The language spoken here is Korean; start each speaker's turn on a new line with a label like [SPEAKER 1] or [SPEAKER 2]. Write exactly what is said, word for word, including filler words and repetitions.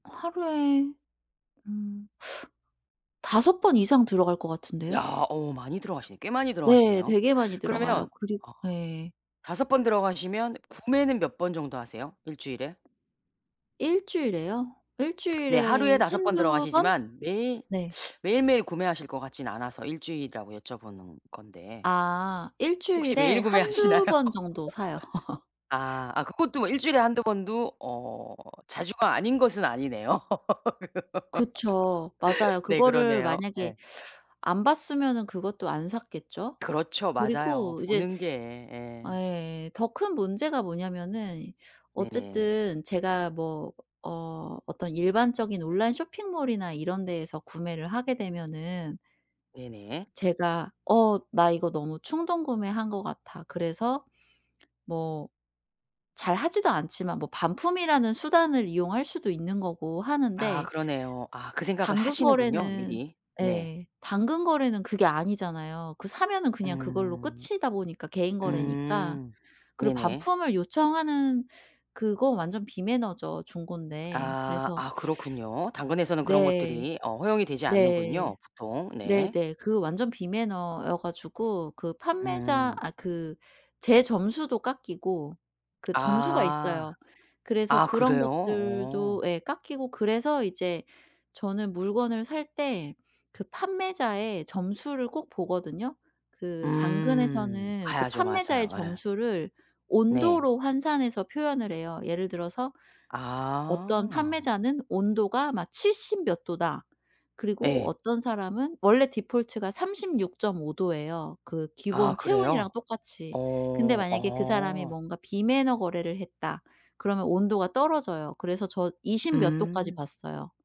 [SPEAKER 1] 하루에 음 다섯 번 이상 들어갈 것
[SPEAKER 2] 야.
[SPEAKER 1] 같은데요?
[SPEAKER 2] 어 많이 들어가시네. 꽤 많이
[SPEAKER 1] 네.
[SPEAKER 2] 들어가시네요.
[SPEAKER 1] 되게 많이 들어가요.
[SPEAKER 2] 그러면
[SPEAKER 1] 그리
[SPEAKER 2] 어
[SPEAKER 1] 예.
[SPEAKER 2] 다섯 번 들어가시면 구매는 몇 번 정도 하세요? 일 주일에?
[SPEAKER 1] 일 주일에요? 일
[SPEAKER 2] 네.
[SPEAKER 1] 주일에
[SPEAKER 2] 하루에 다섯 번
[SPEAKER 1] 한두 번?
[SPEAKER 2] 들어가시지만 매일
[SPEAKER 1] 네.
[SPEAKER 2] 매일매일 구매하실 것 같진 않아서 일 주일이라고 여쭤보는 건데
[SPEAKER 1] 아. 일
[SPEAKER 2] 혹시
[SPEAKER 1] 주일에
[SPEAKER 2] 메일 구매하시나요?
[SPEAKER 1] 한두 번 정도 사요.
[SPEAKER 2] 아. 아 그것도 뭐 일 주일에 한두 번도 어 자주가 아닌 것은 아니네요.
[SPEAKER 1] 그쵸. 맞아요.
[SPEAKER 2] 네.
[SPEAKER 1] 그거를
[SPEAKER 2] 그러네요.
[SPEAKER 1] 만약에
[SPEAKER 2] 예.
[SPEAKER 1] 안 봤으면은 그것도 안 샀겠죠.
[SPEAKER 2] 그렇죠. 맞아요.
[SPEAKER 1] 그리고 이제
[SPEAKER 2] 보는 게
[SPEAKER 1] 아
[SPEAKER 2] 예
[SPEAKER 1] 예예. 더 큰 문제가 뭐냐면은
[SPEAKER 2] 네네.
[SPEAKER 1] 어쨌든 제가 뭐 어 어떤 일반적인 온라인 쇼핑몰이나 이런 데에서 구매를 하게 되면은
[SPEAKER 2] 네네.
[SPEAKER 1] 제가 '어 나 이거 너무 충동구매한 것 같아.' 그래서 뭐 잘 하지도 않지만 뭐 반품이라는 수단을 이용할 수도 있는 거고
[SPEAKER 2] 아.
[SPEAKER 1] 하는데
[SPEAKER 2] 그러네요. 아 그 생각을
[SPEAKER 1] 당근
[SPEAKER 2] 하시는군요
[SPEAKER 1] 거래는
[SPEAKER 2] 미리. 네.
[SPEAKER 1] 예. 당근 거래는 그게 아니잖아요. 그 사면은 그냥 그걸로
[SPEAKER 2] 음.
[SPEAKER 1] 끝이다 보니까 개인 거래니까.
[SPEAKER 2] 음.
[SPEAKER 1] 그리고
[SPEAKER 2] 네네.
[SPEAKER 1] 반품을 요청하는 그건 완전 비매너죠 중고인데.
[SPEAKER 2] 아.
[SPEAKER 1] 그래서
[SPEAKER 2] 아 그렇군요. 당근에서는 그런
[SPEAKER 1] 네.
[SPEAKER 2] 것들이 어 허용이 되지
[SPEAKER 1] 네.
[SPEAKER 2] 않는군요 보통. 네.
[SPEAKER 1] 네네. 그 완전 비매너여 가지고 그 판매자
[SPEAKER 2] 음.
[SPEAKER 1] 아 그 제 점수도 깎이고 그 점수가
[SPEAKER 2] 아.
[SPEAKER 1] 있어요. 그래서
[SPEAKER 2] 아
[SPEAKER 1] 그런
[SPEAKER 2] 그래요? 어.
[SPEAKER 1] 것들도 예. 깎이고 그래서 이제 저는 물건을 살 때 그 판매자의 점수를 꼭 보거든요. 그
[SPEAKER 2] 음.
[SPEAKER 1] 당근에서는 그
[SPEAKER 2] 가야죠.
[SPEAKER 1] 판매자의
[SPEAKER 2] 맞아요. 예.
[SPEAKER 1] 점수를
[SPEAKER 2] 네.
[SPEAKER 1] 온도로 환산해서 표현을 해요. 예를 들어서 어떤
[SPEAKER 2] 아.
[SPEAKER 1] 판매자는 온도가 막 '칠십 몇 도다.' 그리고
[SPEAKER 2] 예.
[SPEAKER 1] 어떤 사람은 원래 디폴트가 삼십육 점 오 도예요, 그
[SPEAKER 2] 아
[SPEAKER 1] 기본
[SPEAKER 2] 그래요?
[SPEAKER 1] 체온이랑 똑같이. 근데
[SPEAKER 2] 어.
[SPEAKER 1] 만약에 '그 사람이
[SPEAKER 2] 어.
[SPEAKER 1] 뭔가 비매너 거래를 했다.' 그러면 온도가 떨어져요. 그래서 저 이십 몇 도까지
[SPEAKER 2] 음.
[SPEAKER 1] 봤어요.